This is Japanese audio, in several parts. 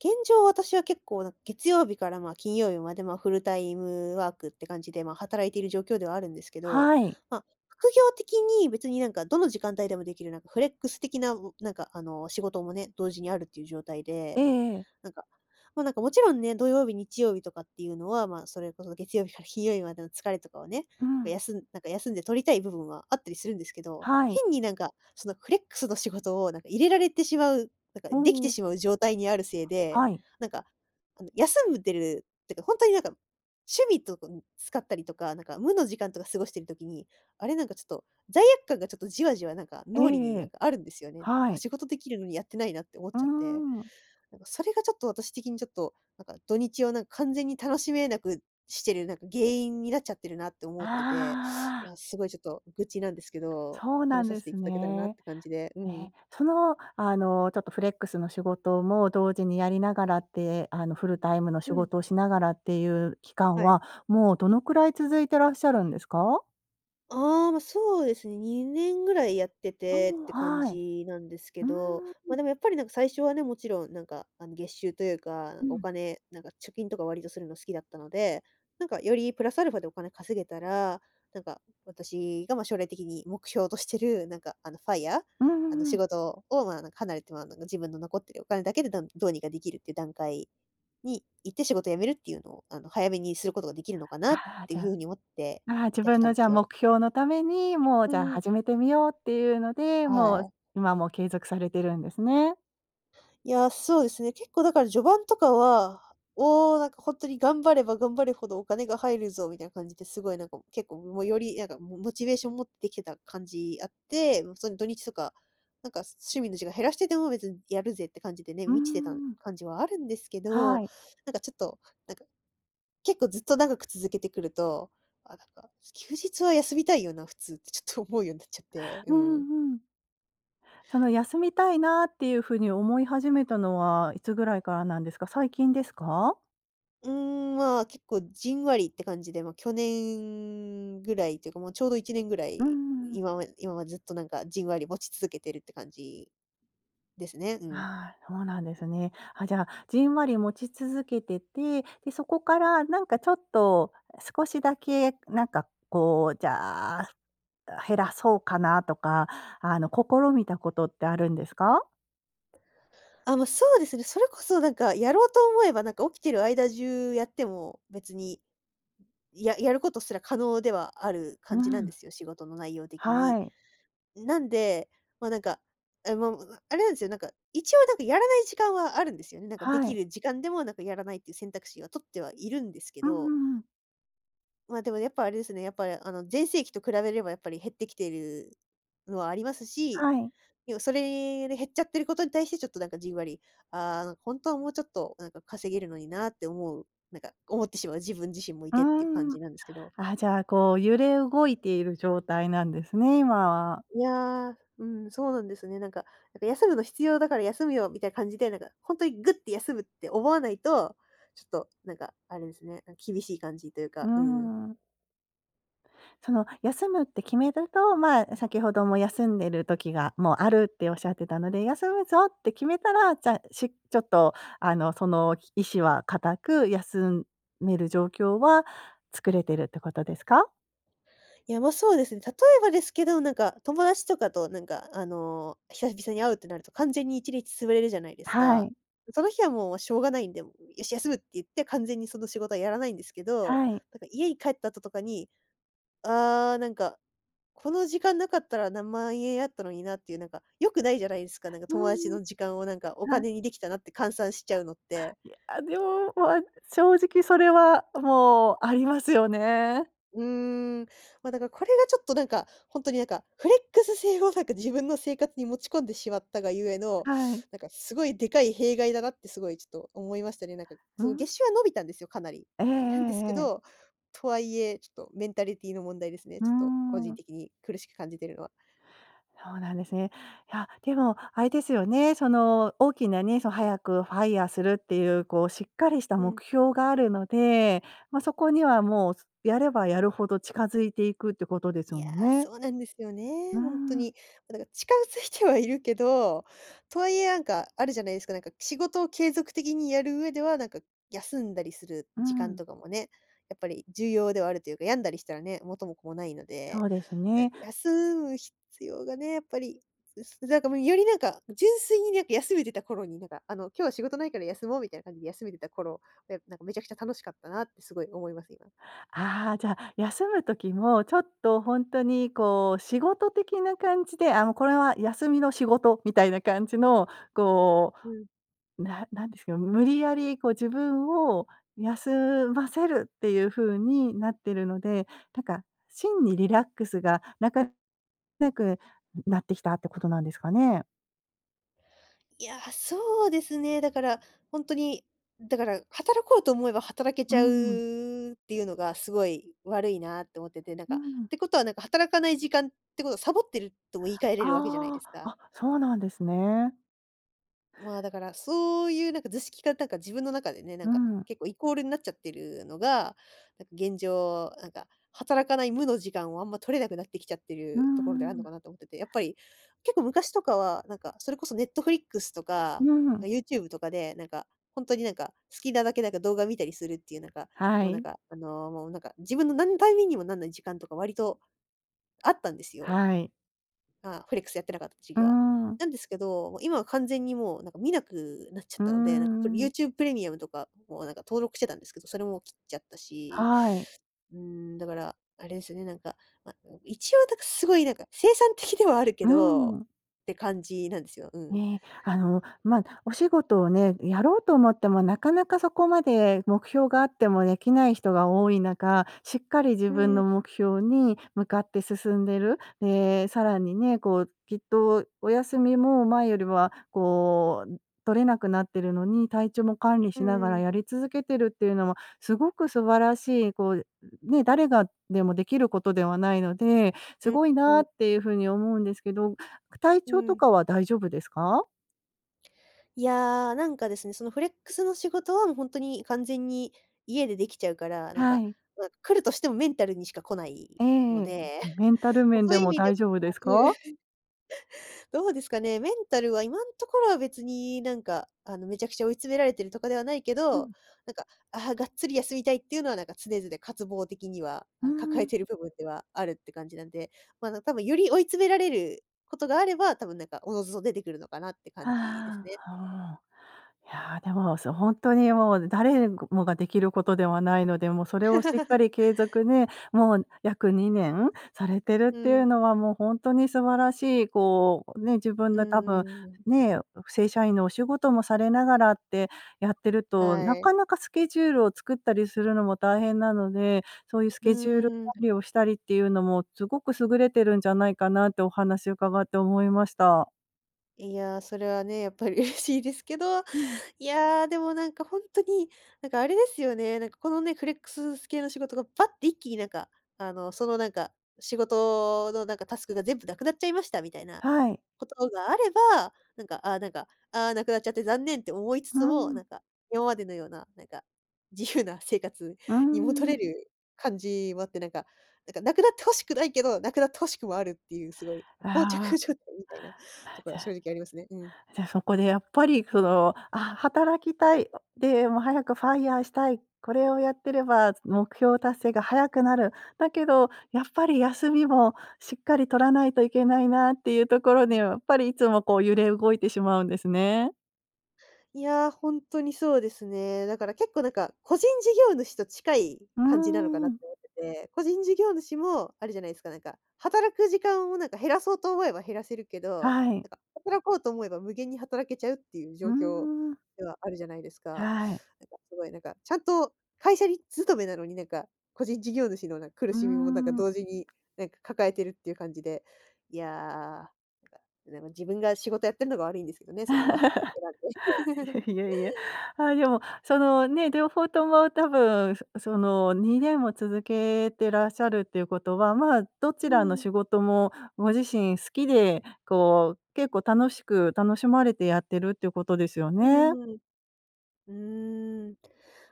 現状、私は結構なん、月曜日からまあ金曜日までまあ、フルタイムワークって感じで、まあ、働いている状況ではあるんですけど。はい。ま、副業的に別になんかどの時間帯でもできる、なんかフレックス的な、うなんか、あの、仕事もね、同時にあるっていう状態ええで。ええ。なんか、もうなんかもちろんね、土曜日、日曜日とかっていうのは、まあそれこそ月曜日から金曜日までの疲れとかをね、こうう、ん。休んなんか休んで取りたい部分はあったりするんですけど、はい。変に、なんか、そのフレックスの仕事を、なんか、入れられてしまう、なんか、うできてん。しまう状態にあるせいで、はい。なんか、あの休むってる、っていうか、本当になんか、趣味とか使ったりとか、なんか無の時間とか過ごしてる時に、あれなんかちょっと罪悪感がちょっとじわじわなんか、ええ脳裏えになんえ。かあるんですよね。はあ、い。仕事できるのにやってないなって思っうーちゃって。ん。なんか、それがちょっと私的にちょっと、なんか、土日はなんか完全に楽しめなくしてる、なんか、原因になっちゃってるなって思ってて。いああ。や、すごいちょっと愚痴なんですけど、そうな話んさでせていすただけたらなっね。て感じで。うえ、ん。その、あの、ちょっとフレックスの仕事も同時にやりながらって、あの、フルタイムのう仕ん。事をしながらっていう期間はい。は、もうどのくらい続いてらっしゃるんですか？ああ、ま、そうですね、2年ぐらいやってうてーっん。あてあ、感はい。じなんですうけーど。ん。ま、でもやっぱりなんか最初はね、もちろんなんか、あの、月収というか、なうんかおん。金、なんか貯金とか割とするの好きだったので、なんかよりプラスアルファでお金稼げたら、なんか私が、ま、将来的に目標としてる、なんか、あの、FIRE うんうあのんう仕ん。事を、まあ離れても、あの、自分の残ってるお金だけで、だんどうにかできるっていう段階に行って仕事を辞めるっていうのを、あの、早めにすることができるのかなっああ、てじいゃう風あ。に思ってああ自やって分たのんでじゃあすよ。目標のために、もううじゃん、う。始めてみようっていうので、もはう、い。今も継続されてるんですね。いや、そうですね。結構だから序盤とかは、おお、なんか本当に頑張れば頑張るほどお金が入るぞ、みたいな感じで、すごいなんか、結構もより、なんか、モモチベーション持ってきてた感じあって。もうその土日とか、なんか、趣味の時間減らしてても別にやるぜって感じでね、うー満ちてたん。感じはあるんですけはど。い。なんかちょっと、なんか、結構ずっと長く続けてくると、あ、なんか、休日は休みたいよな、普通。ってちょっと思うようんなっちゃって、ううん。んうん。その休みたいなっていう風に思い始めたのはいつぐらいからなんですか。最近ですか？うん、まあ、結構じんわりって感じで。ま、去年ぐらいっていうか、もうちょうど1年ぐらうい、ん。今は今はずっとなんか、じんわり持ち続けてるって感じですね。うん。ああ、そうなんですね。あ、じゃあ、じんわり持ち続けてて、で、そこからなんかちょっと、少しだけなんかこう、じゃあ、あ、減らそうかなとか、あの、試みたことって、あるんですか？あ、ま、そうですね。それこそなんか、やろうと思えばなんか、起きてる間中やっても別に、ややることすら可能ではあるう感じなんでん。すよ。仕事の内容的はに。い。ん、なんで、ま、なんか、あまあああれなんですよ。なんか一応なんか、やらない時間はあるんですよね。なんか、ではきい。る時間でもなんか、やらないっていう選択肢は、取ってはいるんですけうんうど。んうん。まあ、でもやっぱあれですね。やっぱりあの、全盛期と比べれば、やっぱり減ってきているのはありますし。はい。要はそれに減っちゃってることに対して、ちょっとなんかじんわり、ああ、なん、ほんとはもうちょっとなんか、稼げるのになあって思うなんか思ってしまう自分自身もいうて、っていう感じん。なんですけど。あ、じゃあこう、揺れ動いている状態なんですね。今は。いや、うん、そうなんですね。なんかなんか、休むの必要だから休むよ、みたいな感じで。なんか本当にグッて、休むって思わないと。ちょっとなんか、あれですね。な、厳しい感じといううか。うん。ん。その、休むって決めると、まあ先ほども、休んでる時がもうあるって仰ってたので。休むぞって決めたら、じゃあ、しちょっとあの、その意思は固く、休める状況は作れてるってことですか？いやま、そうですね。例えばですけど、なんか、友達とかとなんか、あの、久々に会うってなると、完全に1日潰れるじゃないですはか。い。その日はもうしょうがないんで、ん、よし休むって言って、完全にその、仕事はやらないんですけど。はい。なんか家に帰った後とかに、ああ、なんか、この時間なかったら何万円あったのにな、っていうなんか、良くないじゃないですか。なんか、う友達ん。の時間をなんか、おはい。金にできたなって換算しちゃうのって。いや、でも、まあ。正直それはもう、ありますよね。うん。ま、だから、これがちょっと。なんかほんとになんか。フレックス制をなんか、自分の生活に持ち込んでしまったが故の、はい。なんかすごいでかい弊害だなって、すごいちょっと思いましたね。なんか。うその、ん。月収は伸びたんですよ。かなり。えええなんですけえええ。ど、とはいえ、ちょっとメンタリティの問題ですね。うちょっと個人ん。的に、苦しく感じてるのは。そうなんですね。いや、でもあれですよね。その大きなね、その、早く FIRE するっていう、こうしっかりしたうん。目標があるので。まあ、そこにはもう、す、やればやるほど近づいていく、ってことですいや、もんね。そうなんですようね、ほんとん。に。もうだから、近づいてはいるけど。とはいえなんか、あるじゃないですか。なんか、仕事を継続的にやる上では、なんか休んだりするう時間ん。とかもね、やっぱり重要ではあるというか。病んだりしたらね、元も子もないのそで。うですなんね。か休む必要がね、やっぱり。つなんかもう、よりなんか、純粋になんか、休めてた頃になんか。あの、今日は仕事ないから休もう、みたいな感じで休めてた頃。いやなんか、めちゃくちゃ楽しかったなって、すごい思います。今。ああ。じゃあ、休む時もちょっと、ほんとにこう、仕事的な感じで、あの、これは休みの仕事みたいな感じのこうん。う、な何ですか、無理やりこう、自分を休ませるっていう風になってるので。なんか、真にリラックスがなかなくなってきたってことなんですかね。いや、そうですね。だから、ほんとに、だから、働こうと思えば働けうちゃん。うっていうのが、すごい悪いなって思ってて。なんうか、っん。てことはなんか、働かない時間ってことはサボってるとも言い換えれるわけじゃないあですあ。か。あ、そうなんですね。まあだから、そういうなんか図式がなんか自分の中でね、なんうかん。結構イコールんなっちゃってるのが、なんか現状、なんか働かない無の時間をあんま取れなくなってきちゃってうるところであんるうのん。かなと思ってて。やっぱり結構昔とかは、なんかそれこそ Netflix とうか、ん。あ、YouTube とかで、なんか本当になんか、好きなだけなんか動画見たりするっていうなんか、はもうなんい。か、あの、もうなんか、自分のなんの為にもなんない時間とか割とあったんですよ。はい。まあ、フレックスやってなかった時うー期は。ん。なんですけど、もう今は完全にもうなんか見なくなっちゃっうーたので、なんか、プレん。YouTube Premium とかもなんか登録してたんですけど、それも切っちゃったし。はい。うん、だから、あれですよね、なんか、ま、ん、一応、だかすごいなんか、生産的ではあるけうど、ん。って感じなんですよ。うん。ね。あの、ま、お仕事をね、やろうと思ってもなかなかそこまで目標があっても出来ない人が多い中、しっかり自う分のん。目標に向かって進んでる？え、さらにね、こうきっとお休みも、前よりは、こう、ん取れなくなってるのに、体調も管理うしなんがうらん。やり続けてるっていうのは、すごく素晴らしい、こう、ん、ね、誰がでも出来ることではないので、すうん、ごいうなっんていう風に思うんですけど。く体う調とん。かは大丈夫ですか？いや、なんかですね、そのフレックスの仕事はもうほんとに完全に家でできちゃうから、なんはか、い。わ、来るとしてもメンタルにしか来ないえのえ、で、メンタル 面そうでいう意も味で大丈夫で [unintelligible] く、すか？どうですかね、メンタルは今のところは別になんか、あの、めちゃくちゃ追い詰められてるとかではないけうど、ん。なんか、あ、がっつり休みたいっていうのはなんか常々、渇望的には、うーあ、抱えん。ている部分ではあるって感じなんで、ま、な多分より追い詰められることがあれば、たぶん、なんか、おのずと出てくるのかなって感じですあ、はね。あ。いや、でも、そ本当にもう誰もができることではないので、もうそれをしっかり継続ね、もう約2年されてるっうていうん。のはもう本当に素晴らしい、こう、ね、自分うーの多分ん。ね、正社員のお仕事もされながらってやってると、なはかい。なかスケジュールを作ったりするのも大変なので、そういうスうケジュールー管ん。理をしたりっていうのもすごく優れてるんじゃないかなってお話を伺って思いました。いや、それはね、やっぱり嬉しいですけど、うん。いや、でもなんか本当に、なんかあれですよね、なんかこのね、フレックス系の仕事がバッて一気になんかあのそのなんか仕事のなんかタスクが全部なくなっちゃいましたみたいなはい。ことがあれば、なんか、あ、なんか、あ、なくなっちゃって残念って思いつうつも、ん。なんか今までのような、なんか自由な生活うーに戻ん。れる感じはあってなんか、なんかなくなってほしくないけど、なくなってほしくもあるっていうすごい膠あ着状あ、態みたいなま、ところじはゃ正直ありますね。うん。じゃ、そこでやっぱりその、あ、働きたい、でも早くファイアしたい、これをやってれば目標達成が早くなる。だけどやっぱり休みもしっかり取らないといけないなっていうところうーにん。やっぱりいつもこう揺れ動いてしまうんですね。いや、ほんとにそうですね。だから結構、なんか、個人事業主と近いうー感じなのかなってん。思ってて。個人事業主もあるじゃないですか、なんか、働く時間を、なんか、減らそうと思えば減らせるけど、はい。なんか、働こうと思えば無限に働けちゃうっていうう状況ーん。ではあるじゃないですか。なんか、はい。すごいなんか、ちゃんと会社に勤めなのに、なんか個人事業主のなんか、苦うーしみもなんか、ん。同時になんか、抱えてるっていう感じで。いや、なんか、自分が仕事やってるのが悪いんですけどね、その、選んで。いやいやいや。あ、でも、そのね、両方とも多分、そその、2年も続けてらっしゃるということは、まあ、どちうらのん。仕事もご自身好きで、こう、結構楽しく、楽しまれてやってるっていうことですようね。ーん。うーん。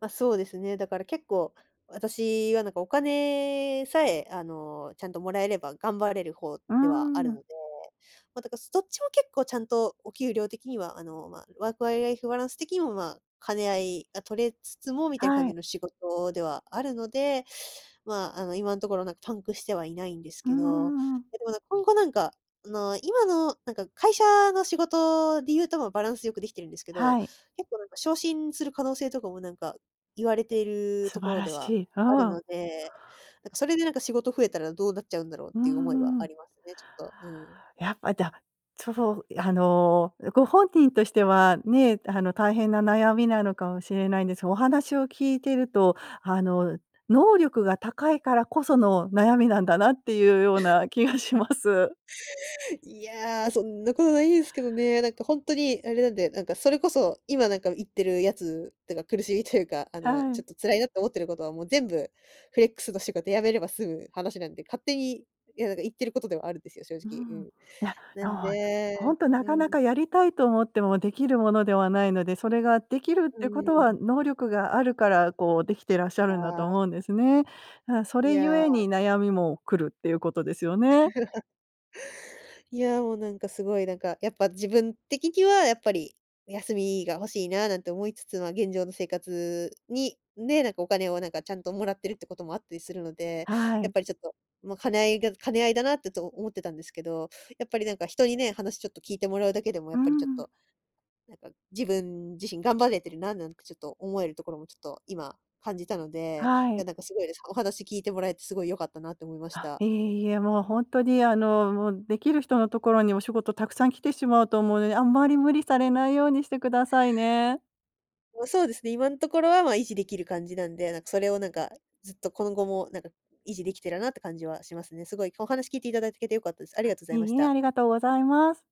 ま、そうですね。だから結構、私はなんか、お金さえ、あの、ちゃんともらえれば頑張れる方うーではあるのん。で。ま、だかすどっちも結構ちゃんと、お給料的には、あの、ま、ワークライフバランス的にも、ま、兼ね合いが取れつつも、みたいな感はじい。の仕事ではあるので。ま、あの、今んところなんか、パンクしてはいないんですうーけど。ん。でもなん、今後なんか、あの、今のなんか、会社の仕事で言うと、ま、バランス良くできてるんですけど、はい。結構なんか、昇進する可能性とかもなんか、言われている素とこ晴ろらでしはい。うあるん。ので。なんか、それでなんか、仕事増えたらどうなっちゃうんだろううーっていう思いはあん。りますね、ちょっと、うん。やっぱだ。そう、あの、うご本人としてはね、あの大変な悩みなのかもしれないんです、お話を聞いてると、あの、能力が高いからこその悩みなんだなっていうような気 がします。いや、そんなことないですけどね。なんか、ほんとにあれなんで、なんか、それこそ今なんか、言ってるやつ、なんか、苦しみというか、あの、はちょい。っと辛いなって思ってることはもう全部、フレックスの仕事辞めれば済む話なんで、勝手に、いや、なんか、言ってることではあるんですよ、正う直、ん、うん。いやなそう。んほでんとなうかん。なかやりたいと思ってもできるものではないので、それができるっうてこーとはん。能力があるから、こう、できてらっしゃあるんだとあ。思うんですね。な、そいれゆや。えに悩みも来るっていうことですよね。いや、もうなんか、すごいなんか、やっぱ、自分的にはやっぱり、休みが欲しいな、なんて思いつつ、ま、現状の生活に、ね、なんか、お金をなんか、ちゃんともらってるってこともあったりするので、はやっい。ぱりちょっと、もう、兼ね合いが兼ね合いだなってと、思ってたんですけど。やっぱりなんか、人にね、話ちょっと聞いてもらうだけでも、やうっぱりちょっん。と、なんか、自分自身頑張れてるな、なんてちょっと、思えるところもちょっと、今感じたので。はいい。やなんか、すごいです、お話聞いてもらえてすごい良かったなって思いましあ、た。いえいえ、もうほんとに、あの、もう、できる人のところにお仕事たくさん来てしまうと思うので、あんまり無理されないようにしてくださいね。ま、そうですね、今んところは、ま、維持できる感じなんで、なんか、それをなんか、ずっと今後もなんか、維持できたらなって感じはしますね。すごい、お話聞いていただけて良かったです。ありあ、がとうございいましいえ、た。ありがとうございます。